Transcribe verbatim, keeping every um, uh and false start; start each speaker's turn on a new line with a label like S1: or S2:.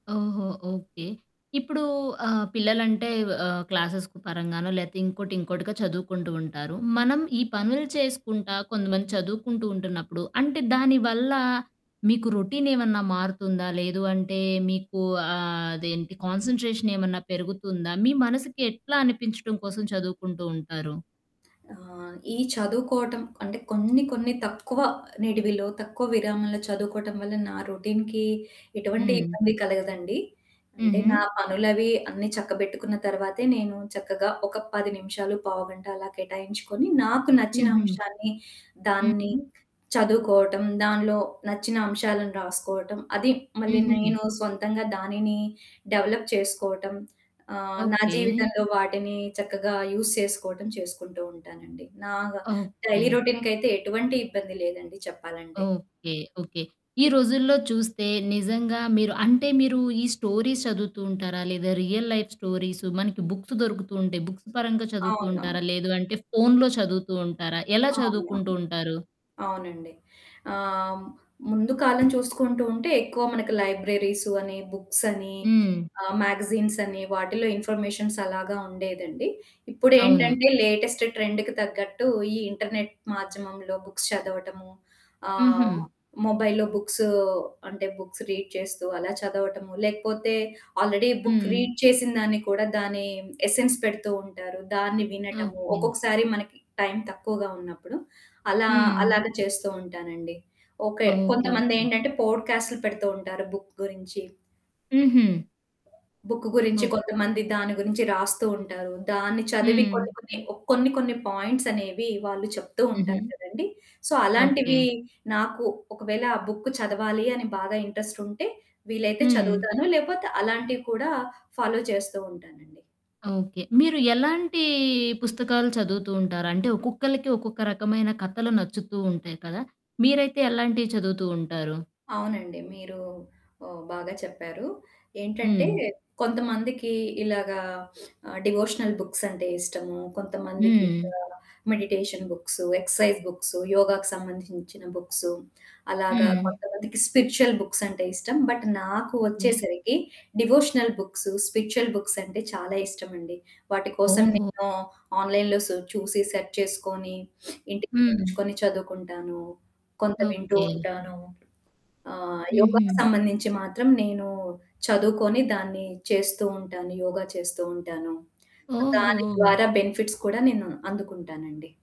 S1: ఓహో! ఓకే. ఇప్పడూ ఆహ్, పిల్లలంటే ఆహ్, క్లాసెస్ పరంగానో లేతే ఇంకోటి, ఇంకోటిగా చదువుకుంటూ ఉంటారు. మనం ఈ పనులు చేసుకుంటా కొంతమంది చదువుకుంటూ ఉంటున్నప్పుడు అంటే దాని వల్ల మీకు రొటీన్ ఏమన్నా మారుతుందా? లేదు అంటే మీకు ఆహ్, అదేంటి కాన్స‌న్‌ట్రేషన్ ఏమన్నా పెరుగుతుందా? మీ మనసుకి ఎట్లా అనిపించటం కోసం చదువుకుంటూ ఉంటారు?
S2: ఆ! ఈ చదువుకోవటం అంటే కొన్ని కొన్ని తక్కువ నిడివిలో, తక్కువ విరామంలో చదువుకోవటం వల్ల నా రొటీన్‌కి ఎటువంటి
S1: హ్మ్.
S2: ఇబ్బంది కలగదండి. అంటే నా
S1: హుహు.
S2: పనులవి అన్ని చక్కబెట్టుకున్న తరువాతే నేను చక్కగా ఒక పది నిమిషాలు, పావుగంట అలా కేటాయించుకొని నాకు నచ్చిన
S1: హుహు.
S2: అంశాన్ని దాన్ని
S1: హుహు.
S2: చదువుకోవటం, దాన్లో నచ్చిన అంశాలను రాసుకోవటం అది మళ్ళీ
S1: హుహు
S2: నేను సొంతంగా దానిని డెవలప్ చేసుకోవటం ఆహ్, నా
S1: ఓకే.
S2: జీవితంలో వాటిని చక్కగా యూజ్ చేసుకోవటం చేసుకుంటూ ఉంటానండి. నా డైలీ
S1: ఓకే.
S2: రొటీన్‌కయితే ఎటువంటి ఇబ్బంది లేదండి చెప్పాలంటే.
S1: ఓకే. ఓకే. ఈ రోజుల్లో చూస్తే నిజంగా మీరు అంటే మీరు ఈ స్టోరీస్ చదువుతూ ఉంటారా? లేదా రియల్ లైఫ్ స్టోరీస్ మనకి బుక్స్ దొరుకుతూ ఉంటాయి. బుక్స్ పరంగా చదువుతూ
S2: అవును.
S1: ఉంటారా! లేదు అంటే ఫోనులో చదువుతూ ఉంటారా? ఎలా
S2: అవునవును.
S1: చదువుకుంటూ ఉంటారు?
S2: అవునండి. ఆహ్, ముందు కాలం చూసుకుంటూ ఉంటే ఎక్కువ మనకు లైబ్రరీసు అని బుక్స్ అని
S1: హ్మ్.
S2: ఆహ్, మ్యాగజైన్స్ అని వాటిలో ఇన్ఫర్మేషన్స్ అలాగా ఉండేదండి.
S1: అవును.
S2: ఇప్పుడేంటంటే లేటెస్ట్ ట్రెండ్‌కి తగ్గట్టు ఈ ఇంటర్నెట్ మాధ్యమంలో బుక్స్ చదవటము ఆహ్,
S1: హుహు.
S2: మొబైల్‌లో బుక్స్ అంటే బుక్స్ రీడ్ చేస్తూ అలా చదవటము లేకపోతే ఆల్రెడీ బుక్
S1: హ్మ్.
S2: రీడ్ చేసిన దాన్ని కూడా దాని ఎసెన్స్ పెడుతూ ఉంటారు దాన్ని వినటము,
S1: ఓకే.
S2: ఒక్కొక్కసారి మనకి టైం తక్కువగా ఉన్నప్పుడు. అలా
S1: హ్మ్.
S2: అలాగా చేస్తూ ఉంటానండి. ఓకే.
S1: ఓకే. ఓకే.
S2: కొంతమందేంటంటే పోడ్‌కాస్టులు పెడుతూ ఉంటారు బుక్ గురించి.
S1: హుహు.
S2: బుక్కు గురించి
S1: ఓహ్!
S2: కొంతమంది దాని గురించి రాస్తూ ఉంటారు. దాన్ని చదివి
S1: హ్మ్.
S2: కొన్ని కొన్ని ఓ కొన్ని కొన్ని పాయింట్స్ అనేవి వాళ్ళు చెప్తూ ఉంటారు
S1: హుహు.
S2: కదండీ! So,
S1: okay.
S2: అలాంటివి నాకు ఒకవేళ ఆ బుక్ చదవాలి అని బాగా ఇంట్రెస్టుంటే వీలైతే
S1: హ్మ్.
S2: చదువుతాను. లేకపోతే అలాంటివి కూడా ఫాలో చేస్తూ ఉంటానండి.
S1: ఓకే. మీరు ఎలాంటీ పుస్తకాలు చదువుతూ ఉంటారు? అంటే ఒక్కొక్కళ్ళకి ఒక్కొక్క రకమైన కథలు నచ్చుతూ ఉంటాయి కదా! మీరైతే ఎలాంటియి చదువుతూ ఉంటారు?
S2: అవునండి. మీరు ఆహ్, బాగా చెప్పారు. ఏంటంటే
S1: హ్మ్.
S2: కొంతమందికి ఇలాగా ఆహ్, డివోషనల్ బుక్సంటే ఇష్టము, కొంతమందికింకా
S1: హ్మ్.
S2: మెడిటేషన్ బుక్స్, ఎక్సర్సైజ్ బుక్స్ యోగాకి సంబంధించిన బుక్స్ అలాగా
S1: హ్మ్
S2: కొంతమందికి స్పిరిచ్యువల్ బుక్సంటే ఇష్టం. బట్ నాకు
S1: ఓకె.
S2: వచ్చేసరికి డివోషనల్ బుక్స్, స్పిరిచ్యుల్ బుక్స్ అంటే చాలా ఇష్టమండి. వాటి కోసం
S1: ఓహో!
S2: నేను ఆన్లైన్‌లో సు చూసి సెర్చ్ చేసుకొని ఇంటికి
S1: హ్మ్.
S2: తెచ్చుకొని చదువుకుంటాను. కొంత వింటూ
S1: ఓకే.
S2: ఉంటాను. ఆహ్, యోగాకి
S1: హుహు.
S2: సంబంధించి మాత్రం నేను చదువుకొని దాన్ని చేస్తూ ఉంటాను. యోగ చేస్తూ ఉంటాను. సో, దాని
S1: ఓహో!
S2: ద్వారా బెనిఫిట్స్ కూడా నేను అందుకుంటానండి.